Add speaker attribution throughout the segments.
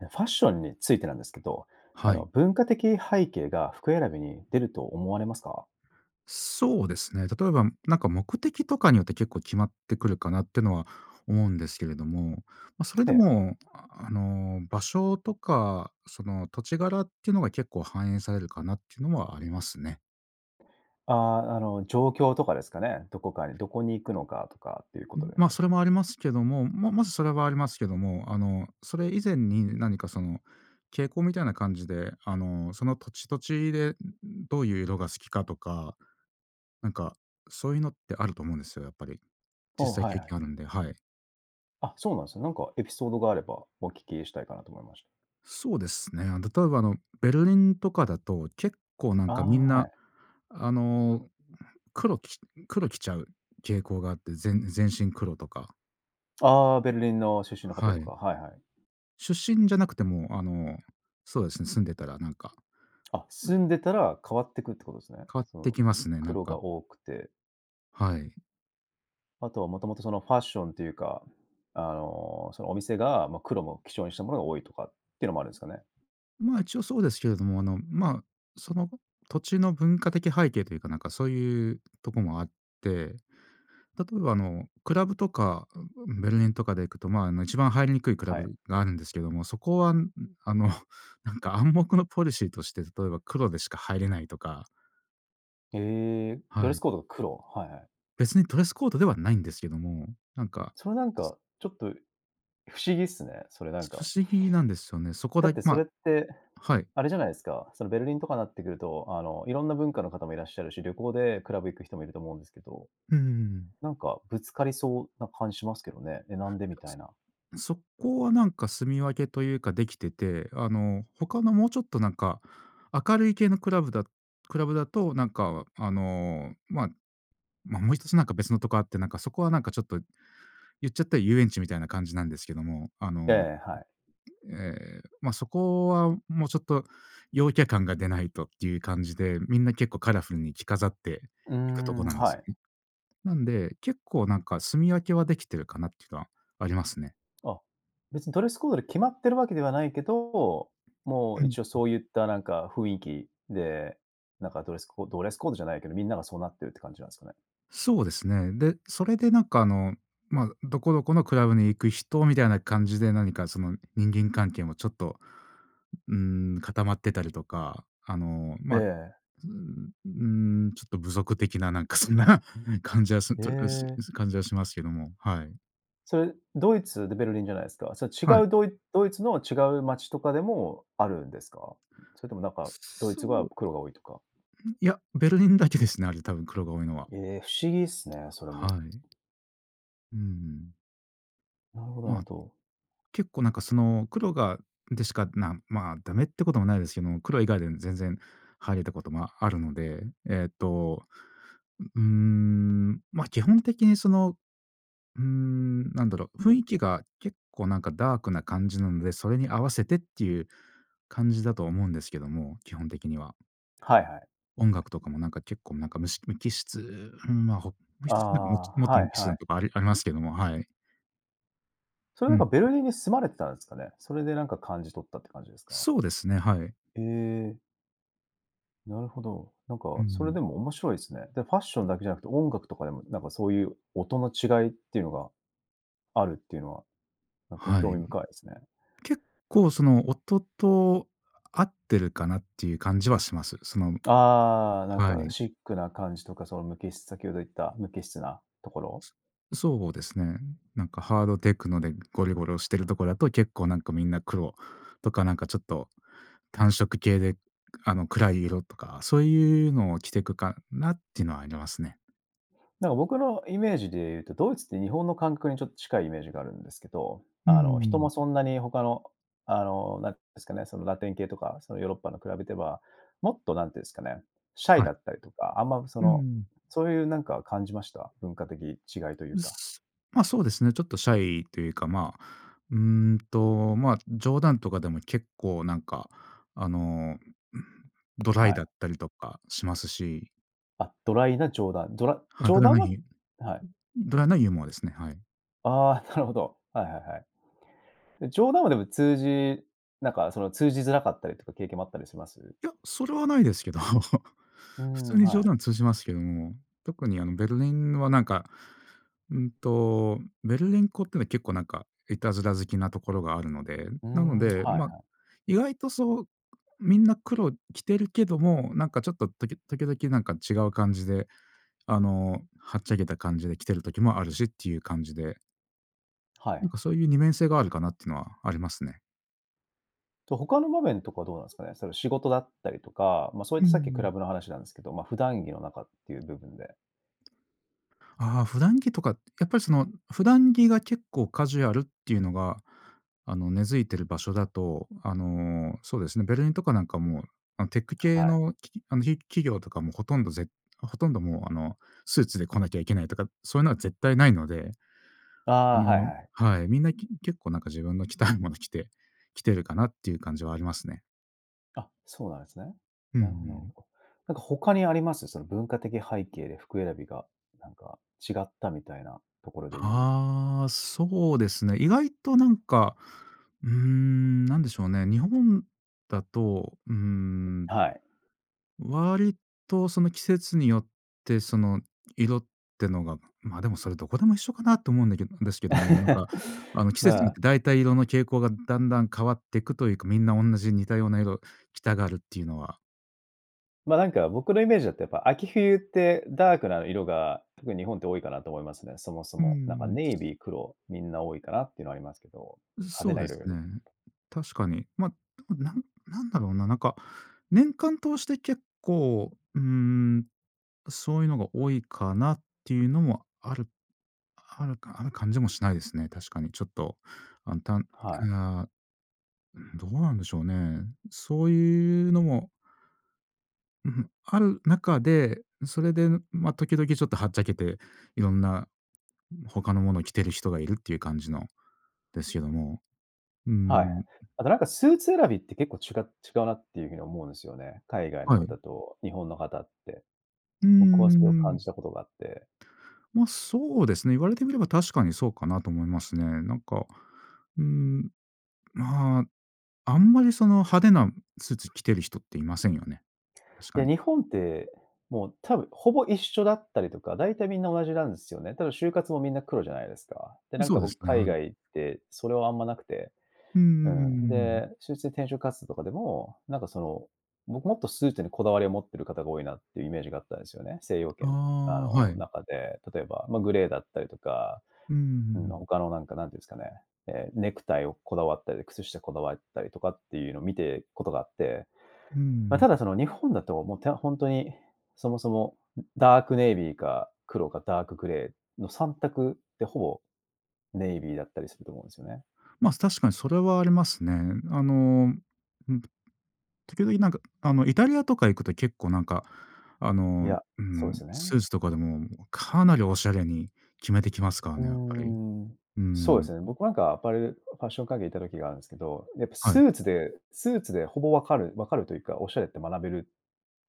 Speaker 1: ファッションについてなんですけど、あ
Speaker 2: は
Speaker 1: の、
Speaker 2: い。
Speaker 1: 文化的背景が服選びに出ると思われますか？
Speaker 2: そうですね。例えば、なんか目的とかによって結構決まってくるかなってのは思うんですけれども。ま、それ
Speaker 1: え
Speaker 2: で
Speaker 1: え。
Speaker 2: も、あの、場所とか、その土地柄ってのが結構反映されるかなって言うのはありますね。
Speaker 1: ああ、あの、状況とかですかね。何処かに何処に行くのかとかって言う
Speaker 2: う
Speaker 1: 事
Speaker 2: ん、
Speaker 1: です
Speaker 2: ま、
Speaker 1: ね。
Speaker 2: それもありますけども、ままず、それはありますけども、あの、それ以前に、何かその傾向みたいな感じで、あの、その土地土地で、んん、どう言う色が好きかとか、なんか、そう言うのってあると思うんですよ、やっぱり。実
Speaker 1: おお、
Speaker 2: 際
Speaker 1: はい
Speaker 2: 経
Speaker 1: はい。
Speaker 2: 験あるんで、はい。
Speaker 1: あ、そうなんすね。なんかエピソードがあれば、お聞きしたいかなと思いました。
Speaker 2: そうですね。あの、例えば、あの、ベルリンとかだと、結構、なん
Speaker 1: あ
Speaker 2: か、
Speaker 1: あ、は
Speaker 2: 皆、
Speaker 1: い。
Speaker 2: あの、黒き黒着ちゃう傾向があって。ぜん全身黒とか。
Speaker 1: ああ、ベルリンの出身の方
Speaker 2: は
Speaker 1: と
Speaker 2: い。
Speaker 1: か、はいはい。
Speaker 2: 出身じゃなくても、あの、そうですね、住んでたら、なんか、
Speaker 1: あ、
Speaker 2: う
Speaker 1: 住
Speaker 2: ん
Speaker 1: んでたら、変わってくって事ですね。
Speaker 2: 変わっ
Speaker 1: そ
Speaker 2: て
Speaker 1: の、
Speaker 2: きますね、なん
Speaker 1: 黒が
Speaker 2: か。
Speaker 1: 多くて。
Speaker 2: はい。
Speaker 1: あとはもともとその、ファッションというか、あの、その、お店がまあ、黒も基調にしたものが多いとかっていうのもあるんすかね？
Speaker 2: まあ、一応そうですけれども、あの、まあ、その土地の文化的背景というか、なんかそういうとこもあって、例えばあの、クラブとかベルリンとかで行くと、まあ、あの一番入りにくいクラ
Speaker 1: はい。
Speaker 2: ブがあるんですけども、そこはあの、なんか暗黙のポリシーとして、例えば黒でしか入れないとか。
Speaker 1: へえ。ド
Speaker 2: は
Speaker 1: レス
Speaker 2: い。
Speaker 1: コードが黒。はいはい。
Speaker 2: 別にドレスコードではないんですけども、なんか。
Speaker 1: それなん
Speaker 2: そ
Speaker 1: か、ちょっと不思議っすね。それなん
Speaker 2: 不
Speaker 1: か。
Speaker 2: 思議なんですよね。そこ
Speaker 1: だっ
Speaker 2: だ
Speaker 1: てそれ
Speaker 2: ま
Speaker 1: って、
Speaker 2: はい。
Speaker 1: あれじゃないですか。そのベルリンとかなってくると、あの、いろんな文化の方もいらっしゃるし、旅行でクラブ行く人もいると思うんですけど。
Speaker 2: うんうんうんうん。
Speaker 1: なんかぶつかりそうな感じしますけどね。「え、なんで」
Speaker 2: いや、
Speaker 1: みたいな。
Speaker 2: そそこはなんか住み分けというか出来てて、あの、他のもうちょっとなんか明るい系のクラブだクラブだと、なんかあの、ま、まあ、もう1つなんか別のとこあって、なんかそこはなんかちょっと言っちゃったら遊園地みたいな感じなんですけども。あ
Speaker 1: え
Speaker 2: の、
Speaker 1: え、はい。
Speaker 2: ええ、ま、そこはもうちょっと陽キャ感が出ないとっていう感じで、みんな結構カラフルに着飾って
Speaker 1: うー
Speaker 2: 行くとこ
Speaker 1: ん。
Speaker 2: なんで
Speaker 1: は
Speaker 2: す
Speaker 1: い。
Speaker 2: よね。なんで、結構なんか住み分けは出来てるかなっていうのはありますね。
Speaker 1: あ、別にドレスコードで決まってるわけではないけど、も
Speaker 2: う
Speaker 1: う
Speaker 2: ん。うん。
Speaker 1: 一応そういったなんか雰囲気で、なんかドレスコドレスコードじゃないけど、みんながそうなってるって感じなんですかね。
Speaker 2: そうですね。で、それでなんか、あの、ま、どこどこのクラブに行く人みたいな感じで、何かその人間関係もちょっと、うーん、固まってたりとか。あの、
Speaker 1: え
Speaker 2: ま、う
Speaker 1: え。
Speaker 2: ーん、うーん。ちょっと部族的ななんかそんなふうに感じはする
Speaker 1: へ
Speaker 2: と、うし
Speaker 1: え。
Speaker 2: う感じはしますけども、はい。
Speaker 1: それ、ドイツでベルリンじゃないですか。それ
Speaker 2: は
Speaker 1: 違
Speaker 2: い。
Speaker 1: うドイドイツの違う街とかでもあるんですか？それともなんか、ドイ
Speaker 2: そ
Speaker 1: ツは
Speaker 2: う。
Speaker 1: 黒が多いとか。
Speaker 2: うん、いや、ベルリンだけですね、あれ多分黒が多いのは。
Speaker 1: え、不思議っすね、それも。
Speaker 2: はい。うん。
Speaker 1: なるほどなる
Speaker 2: ま、あ
Speaker 1: ほ
Speaker 2: と、
Speaker 1: ど。
Speaker 2: 結構なんかその、黒がでしか、なまあ、ダメってこともないですけども、黒以外で全然入れたこともあるので、えっと、うん、ま、基本的にその、うん、なんだろ。雰囲気が結構なんかダークな感じなので、それに合わせてっていう感じだと思うんですけども、基本的には。
Speaker 1: はいはい。
Speaker 2: 音楽とかもなんか結構なんかむし無機質、うん、ま、ほもう
Speaker 1: あ、
Speaker 2: 1つなんかもうちょもっと
Speaker 1: は
Speaker 2: 無
Speaker 1: い
Speaker 2: 機質
Speaker 1: は
Speaker 2: な
Speaker 1: い。
Speaker 2: とこ、ありありますけども、はい。
Speaker 1: それ、
Speaker 2: う
Speaker 1: な
Speaker 2: ん。
Speaker 1: んかベル
Speaker 2: う。
Speaker 1: リンに住まれてたんすかね。それでなんか感じ取ったって感じですか？
Speaker 2: そうですね、はい。
Speaker 1: ええ。なるほど、なん
Speaker 2: う
Speaker 1: か、
Speaker 2: んう
Speaker 1: それ、
Speaker 2: ん。
Speaker 1: でも面白いすね。で、ファッション
Speaker 2: う。
Speaker 1: だけじゃなくて、音楽とかでも、なんかそういう音の違いっていうのが、あるっていうのは、なんか
Speaker 2: は
Speaker 1: 興味
Speaker 2: い。
Speaker 1: 深いすね。
Speaker 2: 結構その音と合ってるかなっていう感じはします。その
Speaker 1: あ、なん
Speaker 2: は
Speaker 1: か
Speaker 2: い。
Speaker 1: シックな感じとか、その無機質先ほど言った無機質なところ。
Speaker 2: そうですね。なんかハードテクノでゴリゴロしてるとこだと、結構なんか皆黒、とか、なんかちょっと単色系で、あの、暗い色とか、そういうのを着てくかなっていうのはありますね。
Speaker 1: なんか僕のイメージで言うと、ドイツって日本の感覚にちょっと近いイメージがあるんですけど、
Speaker 2: うー
Speaker 1: あの人
Speaker 2: ん。
Speaker 1: もそんなに他の、あのなんて言うんですかね、そのラテン系とか、そのヨーロッパの比べては、もっと何て言うんですかね、シャイ
Speaker 2: はい。
Speaker 1: だったりとか、あんまそ
Speaker 2: う
Speaker 1: の、
Speaker 2: ん。
Speaker 1: そういうなんか感じました？文化的違いという
Speaker 2: う
Speaker 1: か。
Speaker 2: すま、そうですね、ちょっとシャイというか、ま、うんと、ま、冗談とかでも結構なんか、あの ドライ
Speaker 1: は
Speaker 2: だっ
Speaker 1: い。
Speaker 2: たりとかしますし。
Speaker 1: あ、ドライな冗談。ドラ
Speaker 2: は
Speaker 1: 冗
Speaker 2: たら
Speaker 1: 談
Speaker 2: な
Speaker 1: は
Speaker 2: ぎ、
Speaker 1: はい。
Speaker 2: ドライなユーモアですね、はい。
Speaker 1: ああ、なるほど。はいはいはい。で、冗談はでも通じなんかその通じづらかったりとか経験もあったりします？
Speaker 2: いや、それはないですけど、
Speaker 1: うー
Speaker 2: 普
Speaker 1: ん、
Speaker 2: 通に
Speaker 1: は
Speaker 2: 冗
Speaker 1: い。
Speaker 2: 談通じますけども、特にあのベルリンはなんか、うんと、ベルリンっ子っていうのは結構なんかいたずら好きなところがあるので、
Speaker 1: うー
Speaker 2: なの
Speaker 1: ん、
Speaker 2: で、
Speaker 1: は
Speaker 2: ま、
Speaker 1: いはい。
Speaker 2: 意外とそうみんな黒着てるけども、なんかちょっと時時々なんか違う感じで、あのはっちゃけた感じで着てる時もあるしっていう感じで。
Speaker 1: は
Speaker 2: なん
Speaker 1: い。
Speaker 2: か、そう言う二面性があるかなってのはありますね。
Speaker 1: と、他の場面とかはどうなんすかね。その、仕事だったりとか、まあ、そう言
Speaker 2: う
Speaker 1: っ
Speaker 2: ー
Speaker 1: たさっきクラ
Speaker 2: ん。
Speaker 1: ブの話なんですけど、まあ、普段着の中って言う部分で。
Speaker 2: ああ、普段着とか。やっぱりその、普段着が結構カジュアルって言うのが、あの、根付いてる場所だと、あの、そうですね、ベルリンとかなんかも、あの、テック系
Speaker 1: はい。
Speaker 2: の、あの、き企業とかも、ほとんどぜほとんど、もう、あの、スーツで来なきゃいけないとか、そう言うのは絶対ないので。
Speaker 1: あ
Speaker 2: あ
Speaker 1: あ、はい
Speaker 2: の
Speaker 1: はいはい。
Speaker 2: はい、皆、き結構なんか自分の着たいもの着て来てるかなって言う感じはありますね。
Speaker 1: あ、そうなんですね。
Speaker 2: うんう
Speaker 1: なるほどなるほ
Speaker 2: ん。
Speaker 1: ど。なんか他にあります？その文化的背景で服選びが、なんか違ったみたいなところで言う
Speaker 2: ああ、そうですね。意外と、なんか、うーん、何でしょうね。日本だと、うーん。
Speaker 1: はい。
Speaker 2: 割とその季節によって、その色ってのがまあ、でも、それ何処でも一緒かなって思うんだけどですけども、なんか、あ の、季節
Speaker 1: ま
Speaker 2: によっ
Speaker 1: あ。
Speaker 2: て大体色の傾向が段々変わってくというか、皆、同じ似たような色着たがるって言うのは。
Speaker 1: ま、なんか、僕のイメージだと、やっぱ秋冬って、ダークな色が、特に日本って多いかなと、思いますね。そもそ
Speaker 2: うんうん
Speaker 1: も。なんか、
Speaker 2: うん。
Speaker 1: ネイビー、黒、みんな多いかなっていうのは、ありますけど。
Speaker 2: ん
Speaker 1: 派手
Speaker 2: そう
Speaker 1: な
Speaker 2: で
Speaker 1: 色
Speaker 2: す
Speaker 1: より
Speaker 2: ね。確かに。ま、なんなんだろうななんか、年間通して結構、うん、そういうのが多いかなっていうのも、あるあるかある感じもしないですね。確かに。ちょっと、あたんう
Speaker 1: はい。
Speaker 2: あ。どうなんでしょうね。そういうのもんふ、はん中で、それで、んま、時々ちょっと、はっちゃけて、色んな、他のものを着ている人がいるっていう、感じのですけども。う
Speaker 1: は
Speaker 2: ん、
Speaker 1: い。
Speaker 2: ん。
Speaker 1: あとなんか、スーツ選びって、結構、ちが違うなっていう風に思うんですよね。海外の
Speaker 2: はい。
Speaker 1: 方と、日本の方って。
Speaker 2: うんう
Speaker 1: 僕はそ
Speaker 2: ん
Speaker 1: れ
Speaker 2: う
Speaker 1: を
Speaker 2: んう
Speaker 1: 感
Speaker 2: ん。
Speaker 1: じたことがあって
Speaker 2: ま、そうですね。言われてみれば、確かに、そうかなと思いますね。なんか、うん、まあ、あんまりその、派手なスーツ着てる人っていませんよね。確か
Speaker 1: で、
Speaker 2: に。
Speaker 1: 日本ってもう多分、ほぼ一緒だったりとか、大体みんな同じなんですよね。多分、就活もみんな黒じゃないですか。で、
Speaker 2: ん
Speaker 1: なん
Speaker 2: そ
Speaker 1: か
Speaker 2: うです
Speaker 1: 僕、
Speaker 2: ね。
Speaker 1: 海
Speaker 2: は
Speaker 1: 外
Speaker 2: い。
Speaker 1: 行って、それはあんまなくて。
Speaker 2: うんう
Speaker 1: う
Speaker 2: んうん
Speaker 1: ん。
Speaker 2: うん。
Speaker 1: で、就職転職活動とかでも、なんかその、僕もっと、スーツにこだわりを持ってる方が多いなっていう、イメージがあったんですよね。西洋
Speaker 2: あ
Speaker 1: 圏のあ
Speaker 2: あ、は
Speaker 1: の
Speaker 2: い。
Speaker 1: 中で。例えば、まあ、グレーだったりとか。
Speaker 2: うんうんうん
Speaker 1: うん、
Speaker 2: うん。
Speaker 1: 他のなんか何て言うんですかね。ええ、ネクタイをこだわったり、靴下こだわったりとかっていうのを、見てことがあって。
Speaker 2: う
Speaker 1: まあ、
Speaker 2: ん、
Speaker 1: た
Speaker 2: ん。
Speaker 1: だその、日本だと、もう、てあ、ほんとに、そもそも、んダークネイビーか黒か、ダークグレーの三択ってほぼ、ネイビーだったりすると思うんですよね。
Speaker 2: ま、す確かに、それはありますね。あの、ん時々なんか、あの、イタリアとか行くと、結構、なんか、あ
Speaker 1: い
Speaker 2: の、
Speaker 1: や、
Speaker 2: う
Speaker 1: そうで
Speaker 2: ん、
Speaker 1: す
Speaker 2: ス
Speaker 1: ね。
Speaker 2: ーツとかでも、かなりおしゃれに決めてきますから
Speaker 1: う
Speaker 2: ね、やっぱり。
Speaker 1: ん。
Speaker 2: う
Speaker 1: そう
Speaker 2: ん
Speaker 1: で
Speaker 2: ん。
Speaker 1: すね。僕なんか、アパレルフファッション会議、居た時があるんですけど。やっぱ
Speaker 2: は
Speaker 1: ス
Speaker 2: い。
Speaker 1: ーツでスーツでほぼ分かる分かるというか、おしゃれって学べる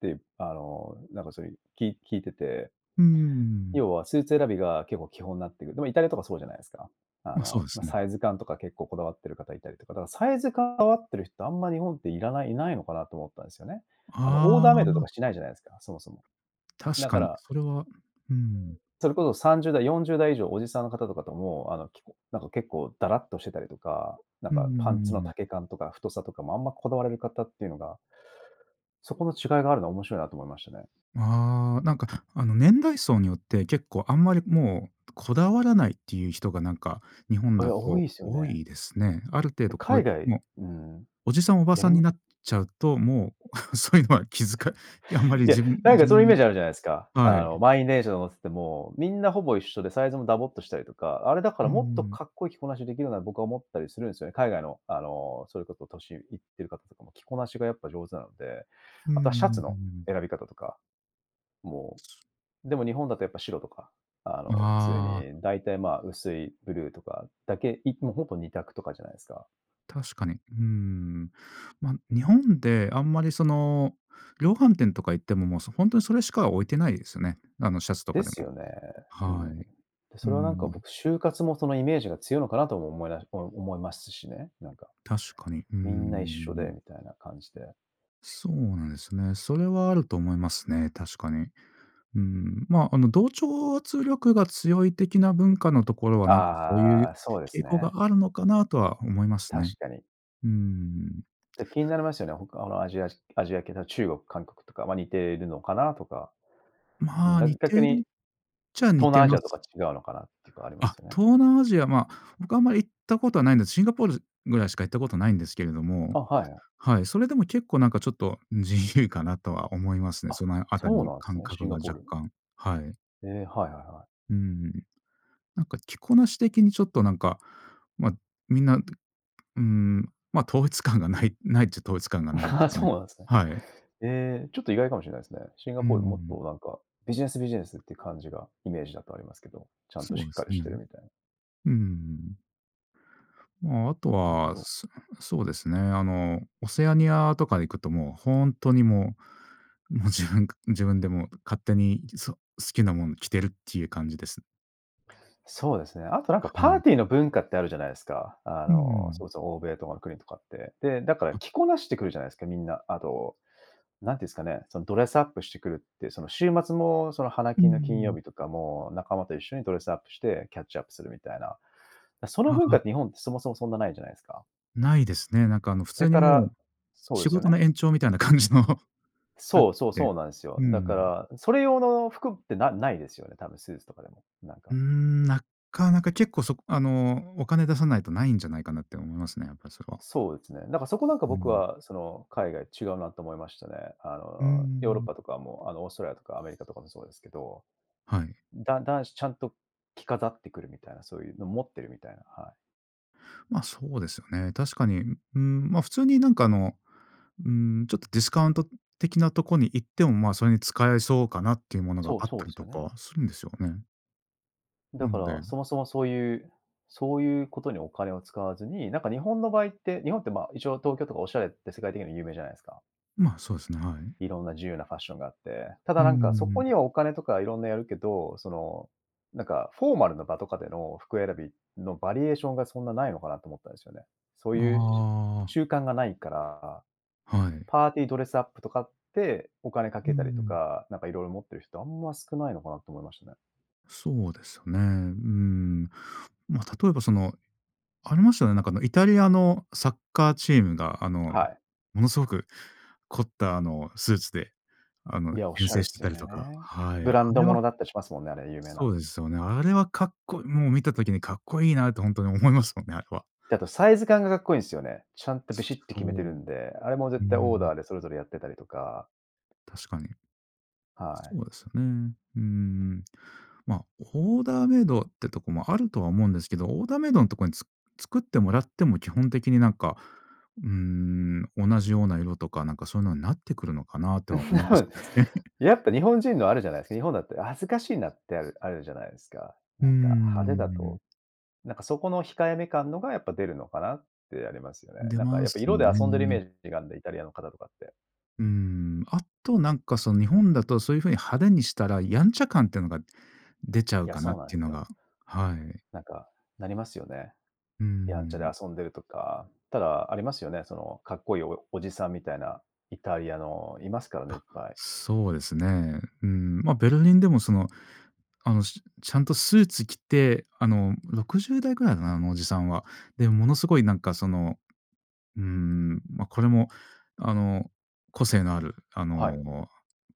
Speaker 1: って、あの、なんかそういう、き聞いてて
Speaker 2: うんうんうんうんうん。
Speaker 1: 要は、スーツ選びが結構、基本になってくる。でも、イタリアとかそうじゃないですか。あ
Speaker 2: ま、そう
Speaker 1: の、
Speaker 2: で
Speaker 1: まあ、
Speaker 2: すね。
Speaker 1: サイズ感とか結構、こだわってる方いたりとか。だから、サイズ感こだわってる人、あんま日本っていらないいないのかなと、思ったんですよね。あの、オー
Speaker 2: あ
Speaker 1: ダーメイドと
Speaker 2: あ。
Speaker 1: か、しないじゃないですか。そもそも。
Speaker 2: 確
Speaker 1: だか
Speaker 2: かに、
Speaker 1: ら
Speaker 2: それは、うん。
Speaker 1: それこそ、30代、40代以上おじさんの方とかとも、あの、きこなんか結構、ダラっとしてたりとか。なん
Speaker 2: うんうんうん
Speaker 1: か、パンツ
Speaker 2: う
Speaker 1: の
Speaker 2: んうん。
Speaker 1: 丈感とか太さとかも、あんまこだわれる方っていうのがそこの違いがあるのは、面白いなと思いましたね。
Speaker 2: ああ。なんか、あの、年代層によって結構、あんまりもう、こだわらないっていう人が、なんか、日本
Speaker 1: い
Speaker 2: だ
Speaker 1: や、多い
Speaker 2: と
Speaker 1: ですよ
Speaker 2: 多
Speaker 1: ね。
Speaker 2: いですね。ある程
Speaker 1: で、
Speaker 2: 度こ
Speaker 1: 海
Speaker 2: え
Speaker 1: 外、
Speaker 2: もう
Speaker 1: ん、
Speaker 2: おじさんおば
Speaker 1: や
Speaker 2: さ
Speaker 1: り
Speaker 2: ん
Speaker 1: ま
Speaker 2: になっちゃうと、もう、そういうのは気づかあんまり、
Speaker 1: いや、
Speaker 2: 自分
Speaker 1: なん
Speaker 2: 自
Speaker 1: か、そういうイメー
Speaker 2: 分
Speaker 1: ジ、あるじゃないですか。
Speaker 2: は
Speaker 1: あ
Speaker 2: い。
Speaker 1: の、満員電車乗ってても、みんな、ほぼ一緒で、サイズもダボっとしたりとか。あれ、だか
Speaker 2: う
Speaker 1: ら、
Speaker 2: んう
Speaker 1: もっと
Speaker 2: んうん。
Speaker 1: かっこいい着こなしできるな、僕は思ったりするんですよね。海外の、あの、それこそ年いってる方とかも、着こなしがやっぱ上手なので。
Speaker 2: うんう
Speaker 1: あとは、シャツ
Speaker 2: んうん、うんう
Speaker 1: の
Speaker 2: んうん。
Speaker 1: 選び方とか。もう、でも、日本だとやっぱ白とか、あ
Speaker 2: う
Speaker 1: の、普通
Speaker 2: あ。
Speaker 1: に大体、まあ、薄いブルーとかだけ。いもう、ほぼ二択とかじゃないですか。
Speaker 2: 確かに。うーん。ま、日本であんまり、その、量販店とか行っても、も、そ、ほんとにそれしか置いてないですよね。あの、シャツと
Speaker 1: で
Speaker 2: かで
Speaker 1: す
Speaker 2: も。
Speaker 1: よね。うーん。
Speaker 2: はい。
Speaker 1: で、
Speaker 2: うー
Speaker 1: それは、なんか、
Speaker 2: ん。
Speaker 1: 僕、就活もそのイメージが強いのかなとも思いだお思いますしね、なんか。
Speaker 2: 確かに。うんうんう
Speaker 1: み
Speaker 2: んう
Speaker 1: んな一緒
Speaker 2: んう
Speaker 1: で
Speaker 2: ん。
Speaker 1: みたいな感じで。
Speaker 2: そうなんですよね。それはあると思いますね、確かに。うん、ま、あの、同調圧力が強い的な文化のところは、なんか、こういう
Speaker 1: ああ、そうで
Speaker 2: 傾
Speaker 1: す
Speaker 2: 向が
Speaker 1: ね。
Speaker 2: あるのかなとは思います
Speaker 1: 確
Speaker 2: ね。
Speaker 1: かに。
Speaker 2: うーん。
Speaker 1: て、気になりますよね、他のアジアじアジア系と中国、韓国とか、ま、似てるのかなとか。う
Speaker 2: ま
Speaker 1: ん、
Speaker 2: あ、
Speaker 1: だ
Speaker 2: 似て
Speaker 1: 逆
Speaker 2: るっ
Speaker 1: に
Speaker 2: ちゃ似
Speaker 1: 東
Speaker 2: て
Speaker 1: 南アジ
Speaker 2: ま
Speaker 1: アと
Speaker 2: す。
Speaker 1: か違うのかなってかありま
Speaker 2: あ、
Speaker 1: すよね。
Speaker 2: 東南アジア、ま、僕はあんまり行ったことはないんです。シンガポールぐらいしか行ったことないんですけれども
Speaker 1: あ、はいはい。
Speaker 2: はい。それでも結構、なんか、ちょっと、うん、自由かなとは思いますね。
Speaker 1: あ、
Speaker 2: そのあたり
Speaker 1: そう
Speaker 2: の
Speaker 1: なんす
Speaker 2: 感
Speaker 1: ね、シ
Speaker 2: 覚
Speaker 1: ン
Speaker 2: が
Speaker 1: ガポー
Speaker 2: 若
Speaker 1: ルに。
Speaker 2: 干、はい。
Speaker 1: ええ、はいはいはい。
Speaker 2: うーん。なんか、着こなし的にちょっと、なんか、ま、みんな、うーん、ま、統一感がない、ないっちゃ統一感がないで す
Speaker 1: あ、
Speaker 2: かね。
Speaker 1: そうなんすね。
Speaker 2: はい。
Speaker 1: ええ、ちょっと意外かもしれないですね。シンガ
Speaker 2: うー
Speaker 1: ポール、もっ
Speaker 2: ん。
Speaker 1: と、なんか、ビジネスビジネスっていう感じがイメージだとありますけど、ちゃんと
Speaker 2: そ
Speaker 1: し
Speaker 2: うで
Speaker 1: っか
Speaker 2: す
Speaker 1: りし
Speaker 2: ね。
Speaker 1: てるみたい。
Speaker 2: うーん。まあ、あと
Speaker 1: なるほ
Speaker 2: は、
Speaker 1: ど。
Speaker 2: そそうですね、あの、オセアニアとか行くともう、ほんとにもう、もう自分自分でもう勝手に、ん、そ、好きなもん着てるっていう感じです。
Speaker 1: そうですね、あとなんか
Speaker 2: は
Speaker 1: パー
Speaker 2: い。
Speaker 1: ティーの文化ってあるじゃないですか。あ
Speaker 2: うんうんう
Speaker 1: の、
Speaker 2: ん。
Speaker 1: そうです、欧米とかの国とかって。で、だから
Speaker 2: あ
Speaker 1: 着こなしてくるじゃないですか、みんな。あと、何て言うんですかね、そのドレスアップしてくるって、その週末もその、華
Speaker 2: うんう
Speaker 1: 金の金
Speaker 2: んう
Speaker 1: 曜
Speaker 2: ん。
Speaker 1: 日とかも仲間と一緒にドレスアップしてキャッチアップするみたいな。その
Speaker 2: あ、
Speaker 1: 文化
Speaker 2: は。
Speaker 1: って、日本ってそもそもそんなないじゃないですか。
Speaker 2: ないですね。なんか、あの、普
Speaker 1: それ
Speaker 2: 通に
Speaker 1: か
Speaker 2: も
Speaker 1: ら
Speaker 2: う、
Speaker 1: そうで
Speaker 2: 仕
Speaker 1: すよ
Speaker 2: 事
Speaker 1: ね。
Speaker 2: の延長みたいな感じの、なっ
Speaker 1: そうそうそ
Speaker 2: て
Speaker 1: うなんですよ。
Speaker 2: うんうん
Speaker 1: だ
Speaker 2: う
Speaker 1: か
Speaker 2: ん。
Speaker 1: らそれ用の服ってなないですよね、多分スーツとかでも、なん
Speaker 2: う
Speaker 1: か
Speaker 2: ーん、なかなか結構そあの、お金出さないとないんじゃないかなって思いますね、やっぱりそれは。
Speaker 1: そうですね、なんか、そこなんか
Speaker 2: う
Speaker 1: 僕
Speaker 2: ん。
Speaker 1: は、その、海外違うなと思いましたね。あ
Speaker 2: うんうんう
Speaker 1: の、ヨー
Speaker 2: ん
Speaker 1: ロッ
Speaker 2: うん。
Speaker 1: パとかも、あの、オーストラリアとかアメリカとかもそうですけど。
Speaker 2: はい。
Speaker 1: だん男子ちゃんと着飾ってくるみたいな、そういうのを持ってるみたいな、はい。
Speaker 2: ま、そうですよね。確かに。ううーん、ま、普通になんかあの、うーん、ちょっとディスカウント的なとこに行ってもま、それに使えそうかなっていうものが
Speaker 1: そ
Speaker 2: あ
Speaker 1: う
Speaker 2: っ
Speaker 1: そ
Speaker 2: た
Speaker 1: うで
Speaker 2: り
Speaker 1: す
Speaker 2: と
Speaker 1: よ
Speaker 2: か
Speaker 1: ね。
Speaker 2: はするんですよねう
Speaker 1: だか
Speaker 2: んで
Speaker 1: ら、そもそもそういうそういうことにお金を使わずに、なんか日本の場合って日本ってまあ一応東京とかおしゃれって世界的に有名じゃないですか、
Speaker 2: ま、そうですね。はい。
Speaker 1: 色んな自由なファッションがあって、た
Speaker 2: う
Speaker 1: だ
Speaker 2: んう
Speaker 1: なん
Speaker 2: んう
Speaker 1: か
Speaker 2: んう
Speaker 1: そ
Speaker 2: んう
Speaker 1: こに
Speaker 2: ん。
Speaker 1: はお金とか色んなやるけど、その、なんかフォーマルな場とかでの服選びのバリエーションが、そんなないのかなと思ったんですよね。そう
Speaker 2: あ
Speaker 1: いうしゅ
Speaker 2: あ。
Speaker 1: 習慣がないから、
Speaker 2: はい。
Speaker 1: パーティードレスアップとかって、お金か
Speaker 2: うんう
Speaker 1: けたりと
Speaker 2: ん。
Speaker 1: か、なんか色々持ってる人、あんま少ないのかなと思いましたね。
Speaker 2: そうですよね。うん。ま、例えばその、ありましたよね、なんかあの、イタリアのサッカーチームが、あの、
Speaker 1: はい。
Speaker 2: ものすごく凝った、あの、スーツで、あの、
Speaker 1: いや、お
Speaker 2: 遠
Speaker 1: しゃれ
Speaker 2: 征
Speaker 1: っ
Speaker 2: して
Speaker 1: す
Speaker 2: た
Speaker 1: よ
Speaker 2: りとか。
Speaker 1: ね。
Speaker 2: はい。
Speaker 1: ブ
Speaker 2: あ
Speaker 1: ランド
Speaker 2: れ
Speaker 1: も
Speaker 2: は
Speaker 1: のだったりしますもんね、あれ、有名
Speaker 2: そ
Speaker 1: な
Speaker 2: うですよね。あれはかっこもう見た時にかっこいいなってほんとに思いますもんね、あれは。
Speaker 1: で、あとサイズ感がかっこいいんですよね。ちゃん
Speaker 2: [unintelligible]
Speaker 1: とビ
Speaker 2: そ
Speaker 1: シッと決めてる
Speaker 2: う、
Speaker 1: んで、あれも
Speaker 2: うんうんう
Speaker 1: 絶対オー
Speaker 2: ん。
Speaker 1: ダーでそれぞれやってたりとか
Speaker 2: 確かに。
Speaker 1: はい。
Speaker 2: そうですよ、うん、うーん。ま、オーダーメイドはってとこもあるとは思うんですけど、オーダーメイドのとこにつ作ってもらっても基本的になんか、うーん、同じような色とか、なんかそういうのになってくるのかなとは思います ね
Speaker 1: やっぱ日本人のあるじゃないですか、日本だったら恥ずかしいなってあるあるじゃないですか。
Speaker 2: うん
Speaker 1: な
Speaker 2: う
Speaker 1: んか
Speaker 2: んう
Speaker 1: 派手だ
Speaker 2: んうん。
Speaker 1: となんかそこの控えめ感のがやっぱ出るのかなってありますよね。
Speaker 2: 出
Speaker 1: なんか
Speaker 2: ま
Speaker 1: やっぱ
Speaker 2: す
Speaker 1: 色で遊んでるイメ
Speaker 2: ね
Speaker 1: ージがあるんで、イタリアの方とかって。
Speaker 2: うーん。あとなんか、その日本だとそういう風に派手にしたらやんちゃ感っていうのが出ちゃ
Speaker 1: い
Speaker 2: う
Speaker 1: や、
Speaker 2: かな
Speaker 1: そ
Speaker 2: っ
Speaker 1: うなんで
Speaker 2: ていう
Speaker 1: す
Speaker 2: の
Speaker 1: よ。
Speaker 2: がはい。
Speaker 1: なんか、なりますよね、
Speaker 2: うー
Speaker 1: やんちゃで
Speaker 2: ん。
Speaker 1: 遊んでるとか。ただありますよね、その、かっこいいおおじさんみたいな、イタリアのいますからね、いっ
Speaker 2: あ、
Speaker 1: ぱい。
Speaker 2: そうですね。うーん、ま、ベルリンでもその、あの、ちゃんとスーツ着て、あの60代ぐらいかな、あのおじさんは、で、ものすごいなんかその、うーん、ま、これもあの、個性のあるあ
Speaker 1: はい。
Speaker 2: の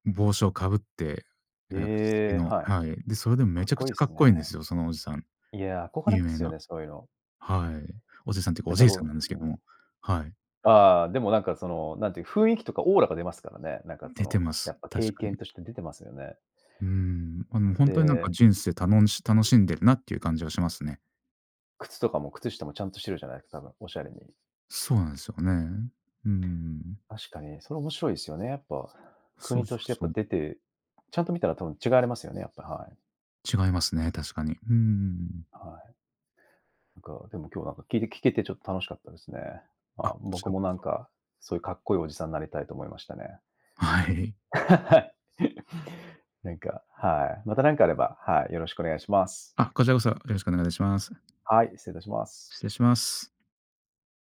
Speaker 2: 帽子をかぶって
Speaker 1: ええ、はい。
Speaker 2: はい。で、それでもう
Speaker 1: か
Speaker 2: め
Speaker 1: っ
Speaker 2: ちゃく
Speaker 1: こい
Speaker 2: ち
Speaker 1: いっ
Speaker 2: ゃかっ
Speaker 1: す
Speaker 2: こいいんで
Speaker 1: ね。
Speaker 2: すよ、そのおじさん。
Speaker 1: いや、憧れ
Speaker 2: 有
Speaker 1: ま
Speaker 2: 名
Speaker 1: すよ
Speaker 2: な、
Speaker 1: ね、そういうの。
Speaker 2: はい、おじさんっていうか、お
Speaker 1: 大体
Speaker 2: じいさんな
Speaker 1: こ
Speaker 2: んです
Speaker 1: う
Speaker 2: け
Speaker 1: う
Speaker 2: ど
Speaker 1: ん。
Speaker 2: も。はい。
Speaker 1: ああでもなんかその、なんていうか雰囲気とかオーラが出ますからね。なんかそ
Speaker 2: 出て
Speaker 1: の、
Speaker 2: ま
Speaker 1: や
Speaker 2: す、
Speaker 1: っぱ経
Speaker 2: 確かに。
Speaker 1: 験として出てますよね。
Speaker 2: うーん、あのほんとになんか
Speaker 1: で。
Speaker 2: 人生たの楽しんでるなっていう感じはしますね。
Speaker 1: 靴とかも靴下もちゃんとしてるじゃないですか、多分、おしゃれに。
Speaker 2: そうなんですよね。うんうんうん。
Speaker 1: 確かに、それ面白いですよね。やっぱ、
Speaker 2: そ
Speaker 1: 国
Speaker 2: うそ
Speaker 1: とし
Speaker 2: う
Speaker 1: てやっ
Speaker 2: そ
Speaker 1: ぱ
Speaker 2: う。
Speaker 1: 出て、ちゃんと見たら多分違われますよね、やっぱ、はい。
Speaker 2: 違いますね、確かに。うんうんうん。
Speaker 1: はい。なんか、でも今日なんか聞いて聞けてちょっと楽しかったですね。ま
Speaker 2: あ、
Speaker 1: あ、
Speaker 2: こち
Speaker 1: 僕
Speaker 2: らこ
Speaker 1: もなん
Speaker 2: そ。
Speaker 1: か、そういうかっこいいおじさんになりたいと思いましたね。
Speaker 2: はい。
Speaker 1: なんか、はい、また何かあれば、はい、よろしくお願いします。
Speaker 2: あ、こちらこそよろしくお願いします。
Speaker 1: はい、失礼いたします。
Speaker 2: 失礼します。